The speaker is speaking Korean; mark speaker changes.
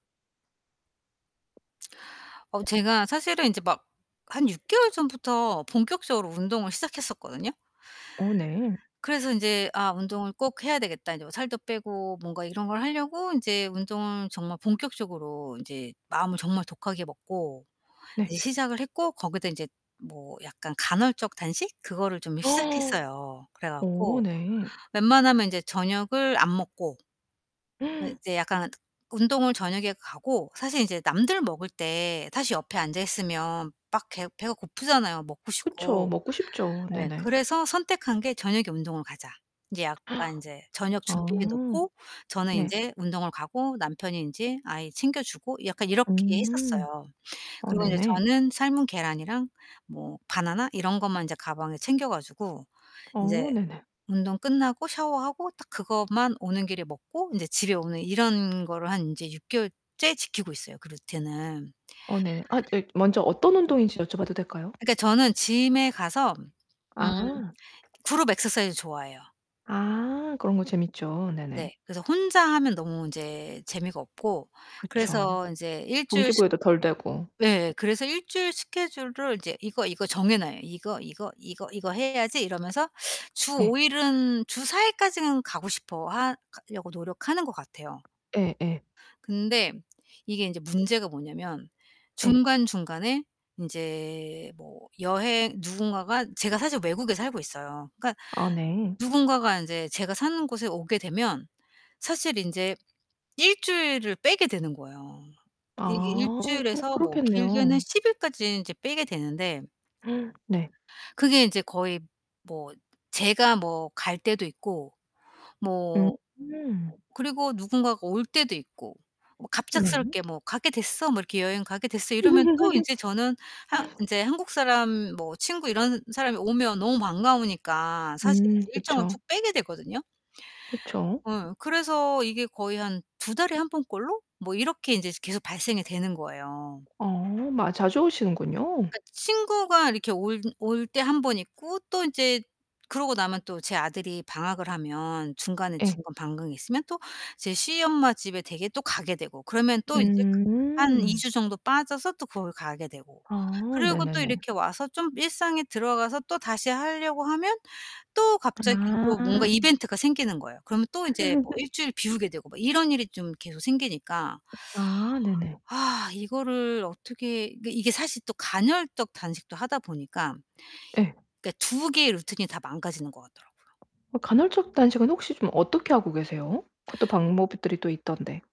Speaker 1: 어, 제가 사실은 인제 막 한 6 개월 전부터 본격적으로 운동을 시작했었거든요.
Speaker 2: 어 네.
Speaker 1: 그래서 인제 '아 운동을 꼭 해야 되겠다. 인제 뭐 살도 빼고.' 뭔가 이런 걸 하려고 인제 운동을 정말 본격적으로 인제 마음을 정말 독하게 먹고
Speaker 2: 네.
Speaker 1: 이제 시작을 했고 거기다 인제 뭐 약간 간헐적 단식? 그거를 좀 시작했어요. 그래
Speaker 2: 어,
Speaker 1: 갖고
Speaker 2: 네.
Speaker 1: 웬만하면 인제 저녁을 안 먹고 네, 이제 약간 운동을 저녁에 가고 사실 인제 남들 먹을 때에 사실 옆에 앉아 있으면 막 개 배가 고프잖아요 먹고
Speaker 2: 그쵸,
Speaker 1: 싶고.
Speaker 2: 먹고 싶죠.
Speaker 1: 예.
Speaker 2: 네네.
Speaker 1: 그래서 선택한 게 저녁에 운동을 가자. 이제 약간 인제 저녁 준비해
Speaker 2: 아.
Speaker 1: 놓고 저는
Speaker 2: 네.
Speaker 1: 인제 운동을 가고 남편이 인제 아이 챙겨주고 약간 이렇게
Speaker 2: 음.
Speaker 1: 했었어요.
Speaker 2: 어,
Speaker 1: 그리고 이제
Speaker 2: 네네.
Speaker 1: 저는 삶은 계란이랑 뭐 바나나 이런 것만 인제 가방에 챙겨 가지고 인제
Speaker 2: 어, 네네.
Speaker 1: 운동 끝나고 샤워하고 딱 그것만 오는 길에 먹고 인제 집에 오는 이런 거를 한 인제 6 개월째 지키고 있어요, 그 루틴을.
Speaker 2: 어, 네네. 아 저기 먼저 어떤 운동인지 여쭤봐도 될까요?
Speaker 1: 그니까 저는 gym에 가서 음,
Speaker 2: 아.
Speaker 1: 그룹 액서사이즈 좋아해요.
Speaker 2: 아, 그런 거 재밌죠. 네네.
Speaker 1: 네. 그래서 혼자 하면 너무 인제 재미가 없고
Speaker 2: 그쵸.
Speaker 1: 그래서 인제 1 주일씩
Speaker 2: 동기부여도 덜 되고.
Speaker 1: 예예, 그래서 1 주일 스케줄을 이제 이거, 이거 정해 놔요. '이거, 이거, 이거, 이거 해야지.' 이러면서 주
Speaker 2: 예.
Speaker 1: 5 일은 주 4 일까지는 가고 싶어하 가려고 노력하는 것 같아요.
Speaker 2: 예 예.
Speaker 1: 근데 이게 인제 문제가 뭐냐면
Speaker 2: 예.
Speaker 1: 중간중간에 인제 뭐 여행 누군가가 제가 사실 외국에 살고 있어요. 그러니까
Speaker 2: 아, 네.
Speaker 1: 누군가가 인제 제가 사는 곳에 오게 되면 사실 인제 1 주일을 빼게 되는 거예요. 이게 1
Speaker 2: 아, 뭐
Speaker 1: 주일에서 뭐 길게는
Speaker 2: 그렇겠네요.
Speaker 1: 10일까지 인제 빼게 되는데
Speaker 2: 네.
Speaker 1: 그게 인제 거의 뭐 제가 뭐 갈 때도 있고 뭐
Speaker 2: 음.
Speaker 1: 그리고 누군가가 올 때도 있고. 뭐
Speaker 2: 네.
Speaker 1: 갑작스럽게 뭐 "가게 됐어. 뭐 이렇게 여행 가게 됐어." 이러면 또 인제 저는 한 인제 한국 사람 뭐 친구 이런 사람이 오면 너무 반가우니까 사실
Speaker 2: 음,
Speaker 1: 이제 일정을 쭉
Speaker 2: 그쵸.
Speaker 1: 빼게 되거든요.
Speaker 2: 그쵸.
Speaker 1: 어, 그래서 이게 거의 한 2 달에 1 번 꼴로 뭐 이렇게 인제 계속 발생이 되는 거예요.
Speaker 2: 어, 마 자주 오시는군요.
Speaker 1: 그니까 친구가 이렇게 올 올 때 1 번 있고 또 인제 그러고 나면 또 제 아들이 방학을 하면 중간에
Speaker 2: 예.
Speaker 1: 중간 방학이 있으면 또 제 시엄마 집에 댁에 또 가게 되고. 그러면 또 인제 그 한 2
Speaker 2: 음.
Speaker 1: 주 정도 빠져서 또 거기 가게 되고.
Speaker 2: 아,
Speaker 1: 그리고 또
Speaker 2: 네네네.
Speaker 1: 이렇게 와서 좀 일상에 들어가서 또 다시 하려고 하면 또 갑자기 또 뭔가
Speaker 2: 아.
Speaker 1: 이벤트가 생기는 거예요. 그러면 또 인제 뭐 1 주일 비우게 되고 막 이런 일이 좀 계속 생기니까
Speaker 2: 아, 네네.
Speaker 1: 아 이거를 어떻게 그러니까 이게 사실 또 간헐적 단식도 하다 보니까
Speaker 2: 예.
Speaker 1: 그니까 2 개의 루틴이 다 망가지는 것 같더라고요.
Speaker 2: 어, 간헐적 단식은 혹시 좀 어떻게 하고 계세요? 그것도 방법이 들이 또 있던데.